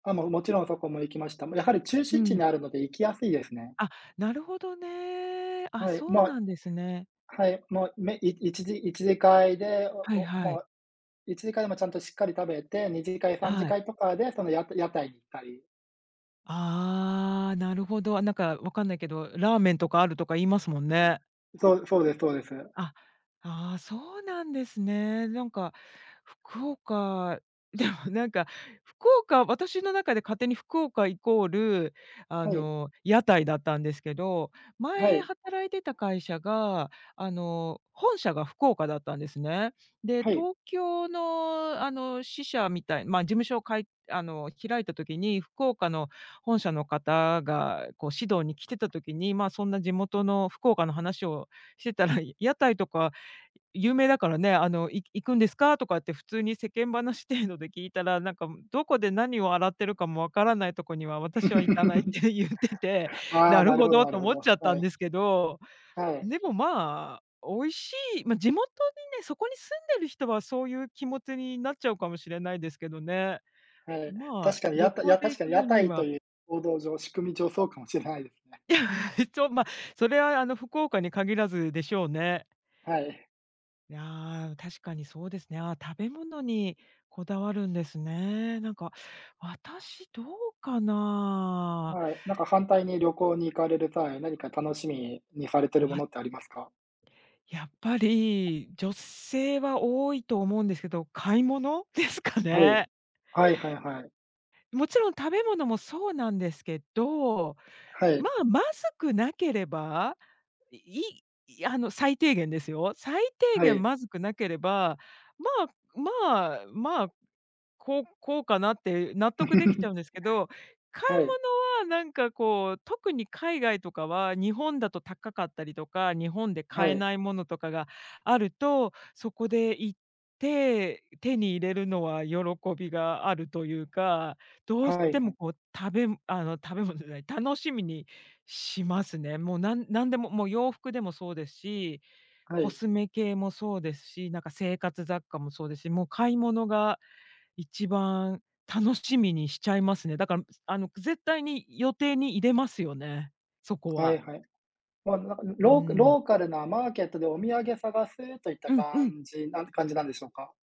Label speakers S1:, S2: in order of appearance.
S1: あ、もう勿論そこも行きました。ま、やはり中
S2: う
S1: 心地に
S2: ん。
S1: あるので行きやすいですね。
S2: あ、なるほどね。あ、
S1: はい、
S2: そう
S1: ま
S2: なんですね。
S1: はい、もう、めい一次一次会で、
S2: はい
S1: おお
S2: はい。
S1: ま、一次会でもちゃんとしっかり食べて、二次会、三次
S2: はい。
S1: 会とかでそのや屋台に行ったり。
S2: ああ、なるほど、あ、なんかわかんないけど、ラーメンとかあるとか言いますもんね。
S1: うん、そう、そうでそうです。
S2: あ、ああ、そうなんですね。なんか福岡、でも、なんか、福岡、私の中で勝手に福岡イコール、あ
S1: はい。
S2: の、屋台だったんですけど、
S1: は
S2: 前
S1: い。
S2: 働いてた会社が、あの、本社が福岡だったんですね。で、
S1: はい。
S2: 東京の、あの、支社みたいまあ、事務所をかいあの、開いた時に福岡の本社の方が、こう指導に来てた時に、まあ、そんな地元の福岡の話をしてたら、屋台とか、有名だからね、あの、い行くんですか？とかって普通に世間話程度で聞いたら、なんか、むどこで何を洗ってるかもわからないとこには、私は行かないっ て言ってて、
S1: あ
S2: な
S1: あ、
S2: る
S1: なる
S2: ほ
S1: ほど
S2: ど
S1: な
S2: と
S1: るほ
S2: 思
S1: ど、
S2: っちゃった
S1: は
S2: ん
S1: い。
S2: ですけど。
S1: はい。
S2: でも、まあ、美味しい、まあ、地元にね、そこに住んでる人はそういう気持ちになっちゃうかもしれないですけどね。
S1: はい。
S2: ま
S1: 確
S2: あ、
S1: かに
S2: 旅
S1: やた
S2: 行
S1: や、
S2: で
S1: 確
S2: 行
S1: かに
S2: く
S1: 屋
S2: 分に
S1: 台と
S2: は
S1: いうこうどう上、仕組み上そうかもしれないですね。
S2: いちょま、それはあの、福岡に限らずでしょうね。
S1: はい。
S2: いや、確かにそうですね、ああ食べ物にこだわるんですね。なんか、私どうかな。
S1: はい、なんか反対に旅行に行かれる際、何か楽しみにされて
S2: う
S1: るも
S2: わ。
S1: のってありますか？
S2: やっぱり、女性は多いと思うんですけど、買い物ですか
S1: はい。
S2: ね？
S1: はいはいはい。
S2: もちろん食べ物もそうなんですけど、
S1: は
S2: ま
S1: い。
S2: あ、まずくなければ、で、いいいあの、最低限ですよ。最低
S1: は
S2: 限
S1: い。
S2: まずくなければ、まあ、まあ、まあ、こう、こうかなって納得できちゃう んですけど、買い
S1: はい。
S2: 物はなんかこう特に海外とかは、日本だと高かったりとか、日本で
S1: は
S2: 買え
S1: い。
S2: ない物とかがあると、そこで行って、手に入れるのは喜びがあるというか、どうし
S1: はい
S2: て
S1: は
S2: も
S1: い。
S2: こう食べんあの、食べ物じゃない、楽しみにしますね。もうなん何でも、もう洋服でもそうですし、
S1: は
S2: コ
S1: い。
S2: スメ系もそうですし、なんか生活雑貨もそうですし、もう買い物が一番楽しみにしちゃいますね。だか、むすあの、く絶対に予定に入れますよね、そこ
S1: はい
S2: は。
S1: はい。ま、なんか、ん、
S2: う
S1: ローク
S2: ーん。
S1: ローカルなマーケットでお土産探すといった
S2: うんうん。
S1: 感じなんす感じなんでしょうか？